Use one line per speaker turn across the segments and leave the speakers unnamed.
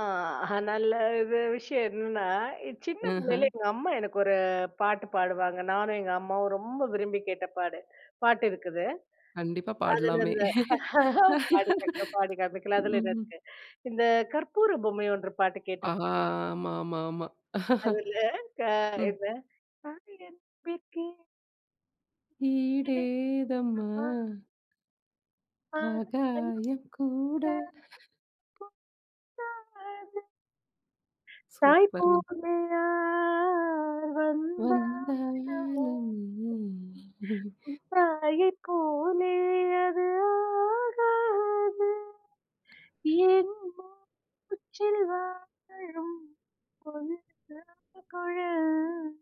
ஆ நல்ல விஷயம் என்னன்னா, சின்ன பிள்ளையில
ம்ஹும்.
எங்க அம்மா எனக்கு ஒரு பாட்டு பாடுவாங்க. நானும், எங்க அம்மாவும் ரொம்ப விரும்பி கேட்ட பாடு பாட்டு இருக்குது.
கண்டிப்பா,
அதுல
பாடலாமே!
அந்த ஆஹ்ஹ, பாடி காற்றேன், பாடி காமிக்கலாம் அதுல என்ன
ம்ஹ்ம்.
இருக்கு "இந்த கற்பூர பொம்மை ஒன்று" பாட்டு கேட்டுருக்
ஆஹா. ஆமா, ஆமா, ஆமா.
அதுல க
ம்.
என்ன. [unintelligible] [unintelligible]
ஈடேதம்மா
அ. அ,
அகாயம் கூட.
[unintelligible]
சூப்பருங்க!
தாய்ப்போலயா நான் ஆ வந்து ஆடவோ
வந்தாலுமே
[unintelligible] போல அது ஆகாது என் போ [unintelligible] உச்சில் வாழும். [unintelligible]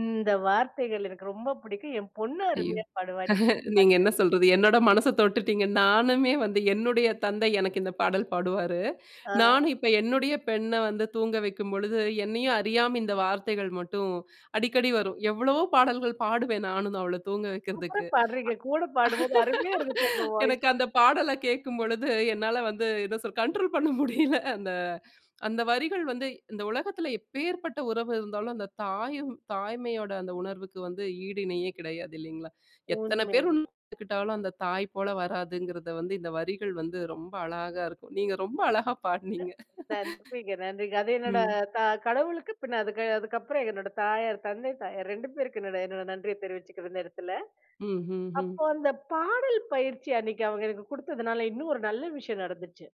இந்த வார்த்தைகள் எனக்கு ரொம்ப பிடிக்கும். என் பொண்ணு
ஐயோ!
அருமையா பாடுவா. இந்த
நீங்க
பாட்ட
என்ன சொல்றது, என்னோட மனச தொட்டுட்டீங்க. நானுமே வந்து என்னுடைய தந்தை எனக்கு இந்த பாடல் பாடுவாரு.
ஆ.
நானும் இப்ப என்னுடைய பெண்ண வந்து தூங்க வைக்கும் பொழுது என்னையும் அறியாம இந்த வார்த்தைகள் மட்டும் அடிக்கடி வரும். எவ்வளவோ பாடல்கள் பாடுவேன் நானும் அவள தூங்க
சூப்பர்றா
வைக்கிறதுக்கு. அ
பாடுறீங்க. கூட பாடும்போது அருமையா இருந்துச்சு. உங்க வாய்ஸ்.
எனக்கு அந்த பாடல கேட்கும்பொழுது என்னால வந்து, என்ன சொல்றது கண்ட்ரோல் பண்ண முடியல. அந்த அந்த வரிகள் வந்து இந்த உலகத்துல எப்பேற்பட்ட உறவு இருந்தாலும் அந்த தாயும், தாய்மையோட அந்த உணர்வுக்கு வந்து ஈடு இணையே கிடையாது இல்லைங்களா, எத்தனை பேர்
உண்மையாலுமே!
உக்கிட்டாலும் அந்த தாய் போல வராதுங்கிறத வந்து இந்த வரிகள் வந்து ரொம்ப அழகா இருக்கும். நீங்க ரொம்ப அழகா
அ
பாடுனீங்க.
நன்றிங்க, நன்றிங்க. அது என்னோட
ம்.
த கடவுளுக்கு பின்ன அதுக்கு அதுக்கப்புறம் என்னோடய தாயார், தந்தை, தாயார் 2 பேருக்கும் என்னோட என்னோட நன்றிய தெரிவிச்சுக்கிரும் இந்த இடத்துல.
ம், ம்,
அப்போ
ம்.
அந்த பாடல் பயிற்சி அன்னைக்கு அவங்க எனக்கு குடுத்ததுனால இன்னும் ஒரு நல்ல விஷயம் நடந்துச்சு.